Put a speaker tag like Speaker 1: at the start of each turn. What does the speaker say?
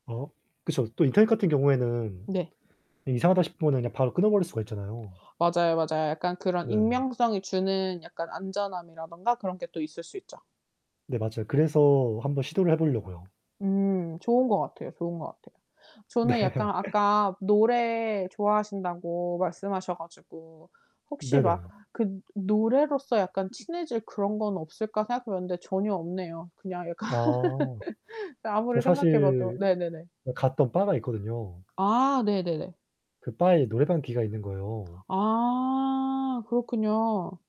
Speaker 1: 어 그쵸. 또 인터넷 같은 경우에는
Speaker 2: 네.
Speaker 1: 이상하다 싶으면은 그냥 바로 끊어버릴 수가 있잖아요.
Speaker 2: 맞아요, 맞아요. 약간 그런
Speaker 1: 네.
Speaker 2: 익명성이 주는 약간 안전함이라든가 그런 게 또 있을 수 있죠.
Speaker 1: 네 맞아요. 그래서 한번 시도를 해 보려고요.
Speaker 2: 음 좋은 것 같아요, 좋은 것 같아요.
Speaker 1: 네.
Speaker 2: 저는 약간 아까 노래 좋아하신다고 말씀하셔 가지고 '혹시 막
Speaker 1: 네네.
Speaker 2: 그 노래로서 약간 친해질 그런 건 없을까?' 생각해 봤는데 전혀 없네요. 그냥 약간
Speaker 1: 아 저
Speaker 2: 아무리 생각해봐도
Speaker 1: 사실
Speaker 2: 네네네.
Speaker 1: 어 갔던 바가 있거든요.
Speaker 2: 아 네네네.
Speaker 1: 그 바에 이 노래방 기계가 있는 거예요.
Speaker 2: 아 그렇군요.